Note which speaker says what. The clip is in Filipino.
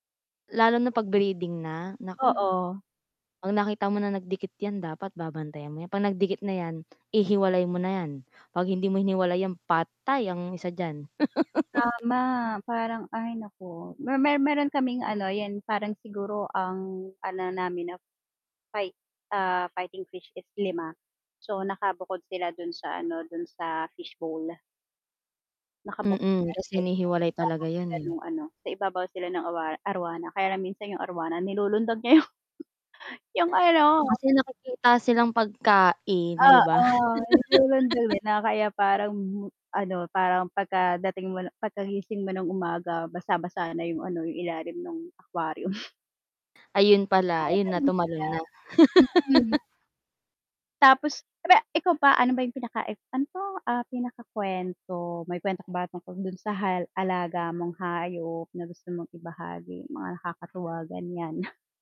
Speaker 1: Lalo na pag breeding na, nako
Speaker 2: Oo.
Speaker 1: pag nakita mo na nagdikit yan dapat babantayan mo yan pag nagdikit na yan ihiwalay mo na yan, pag hindi mo hiniwalay patay ang isa diyan.
Speaker 2: Tama parang ay naku me mer meron kaming ano yun parang siguro ang ano namin na fight, ah, fighting fish is 5, so nakabukod sila dun sa ano, dun sa fish bowl. Nakabukod
Speaker 1: Mm, kasi
Speaker 2: kasi sa
Speaker 1: hinihiwalay
Speaker 2: ibabaw
Speaker 1: talaga yan,
Speaker 2: sila
Speaker 1: eh.
Speaker 2: nung ano, sa ibabaw sila ng awara arwana, kaya lang minsan yung arwana nilulundag niya yung Yung ano.
Speaker 1: Kasi nakikita silang pagkain
Speaker 2: Oo
Speaker 1: 'di ba?
Speaker 2: [unintelligible] na kaya parang ano parang, pagka dating mo na pagkagising mo ng umaga basa-basa na yung ano yung ilalim nung aquarium.
Speaker 1: Ayun pala ayun na
Speaker 2: Nakakamis
Speaker 1: tumalon na.
Speaker 2: sila, mm. Tapos re ikaw ba ano ba yung pinaka i ano 'to, ah, pinakakwento may kwento ka ba tungkol dun sa hal alaga mong hayop na gusto mong ibahagi mga nakakatuwa ganyan?